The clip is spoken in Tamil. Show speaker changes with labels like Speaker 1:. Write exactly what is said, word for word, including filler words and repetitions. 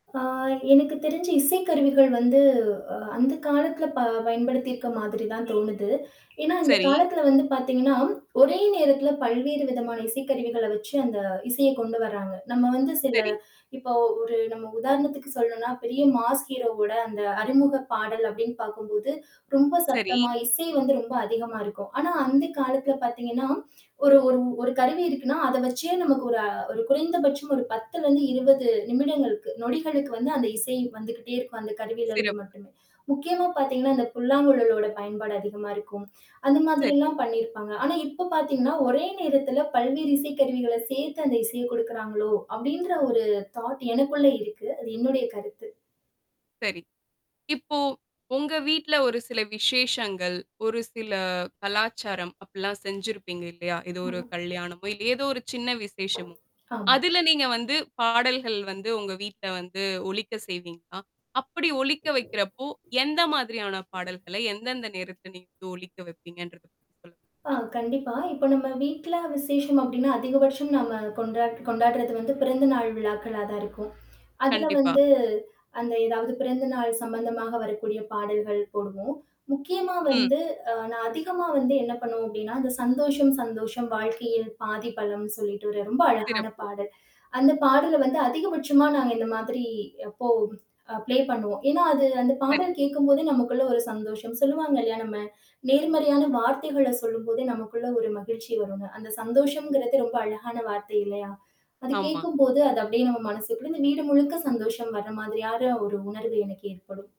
Speaker 1: ஆ, எனக்கு தெரிஞ்சு, இசைக்கருவிகள் வந்து, அ அந்த காலத்தில ப பயன்படுத்தி இருக்கற மாதிரி தான் தோனுது. ஏன்னா, இந்த
Speaker 2: சரி.
Speaker 1: காலத்தில வந்து பாத்தீங்கன்னா, ஒரே நேரத்தில பல்வேறு விதமான இசைக்கருவிகள வெச்சு அந்த இசையை கொண்டு வரங்க. நம்ம் வந்து சில,
Speaker 2: சரி.
Speaker 1: இப்போ ஒரு நம்ம உதாரணத்திற்கு சொல்லனும்னா, பெரிய மாஸ் ஹீரோ ஓட அந்த அறிமுக பாடல் அப்படின்னு பாக்கும்போது, ரொம்ப
Speaker 2: சரி.
Speaker 1: சத்தமா இசை வந்து ரொம்ப அதிகமா இருக்கும். ஆனா, அந்த காலத்தில, பாத்தீங்கன்னா, ஒரு ஒரு ஒரு கருவி இருக்குனா, அத வெச்சே நமக்கு ஒரு குறை குறைந்த பட்சம் ஒரு பத்துல இருந்து இருவது நிமிடங்களுக்கு, நொடிகளுக்கு வந்து அந்த இசை வந்துகிட்டே இருக்கும். அந்த கருவியில இருந்து
Speaker 2: சிறப்பு.
Speaker 1: மட்டுமே. முக்கியமா பாத்தீங்கன்னா, இந்த புல்லாங்குழலோட பயன்பாடு அதிகமா இருக்கும். அந்த மாதிரி
Speaker 2: சரி.
Speaker 1: எல்லாம் பண்ணியிருப்பாங்க. ஆனா, இப்போ பாத்தீங்கன்னா, ஒரே நேரத்தில பல்வேறு இசை கருவிகள சேர்த்து அந்த இசையை கொடுக்கிறங்களோ, அப்படின்ற ஒரு தாட் எனக்குள்ள இருக்கு. அது என்னுடைய கருத்து.
Speaker 2: சரி. இப்போ, உங்க வீட்ல ஒரு சில விசேஷங்கள், ஒரு சில கலாச்சாரம் அப்படியெல்லாம் செஞ்சிருப்பீங்க, இல்லையா? ஏதோ ஒரு
Speaker 1: ஆமா.
Speaker 2: கல்யாணமோ, இல்ல, ஏதோ ஒரு சின்ன விசேஷமோ.
Speaker 1: ஆமா.
Speaker 2: அதில நீங்க வந்து, பாடல்கள் வந்து உங்கள் வீட்டில வந்து ஒலிக்க செய்விங்களா? அப்படி ஒலிக்க வைக்கிறப்போ, எந்த மாதிரியான பாடல்களை எந்தெந்த நேரத்தில நீங்க ஒலிக்க வைப்பீங்கன்றது பத்தி சொல்ல
Speaker 1: ஆ,
Speaker 2: முடியுமா?
Speaker 1: கண்டிப்பா. இப்போ நம்ம வீட்டில விசேஷம் அப்படின்னா, அதிகபட்சம் நம்ம கொண்டா கொண்டாறது வந்து பிறந்த நாள் விழாக்களா தான் இருக்கும். அதில
Speaker 2: கண்டிப்பா.
Speaker 1: வந்து, அந்த ஏதாவது பிறந்த நாள் சம்பந்தமாக வரக்கூடிய பாடல்கள் போடுவோம். முக்கியமா
Speaker 2: ம்.
Speaker 1: வந்து, ஆ, நான் அதிகமா வந்து என்ன பண்ணுவோம் அப்படின்னா, அந்த சந்தோஷம் சந்தோஷம் வாழ்க்கையில் பாதி பலம்ன்னு சொல்லிட்டு ஒரு ரொம்ப அழகான
Speaker 2: சிறப்பு.
Speaker 1: பாடல். அந்த பாடல வந்து அதிகபட்சமா நாங்க இந்த மாதிரி அப்போ அ ப்ளே பண்ணுவோம். ஏன்னா, அது அந்த பாடல்
Speaker 2: சரி.
Speaker 1: கேட்கும்போதே நமக்குள்ள ஒரு சந்தோஷம் சொல்லுவாங்க இல்ல, நம்ம நேர்மறையான வார்த்தைகள சொல்லும்போதே நமக்குள்ள ஒரு மகிழ்ச்சி வருங்க. அந்த சந்தோஷம்கிறது ரொம்ப அழகான வார்த்தை, இல்லையா? அது
Speaker 2: ஆமா.
Speaker 1: கேட்கும்போது, அது அப்படியே நம்ம மனசுக்குள்ள, இந்த வீடு முழுக்க சந்தோஷம் வர மாதிரியான ஒரு உணர்வு எனக்கு ஏற்படும்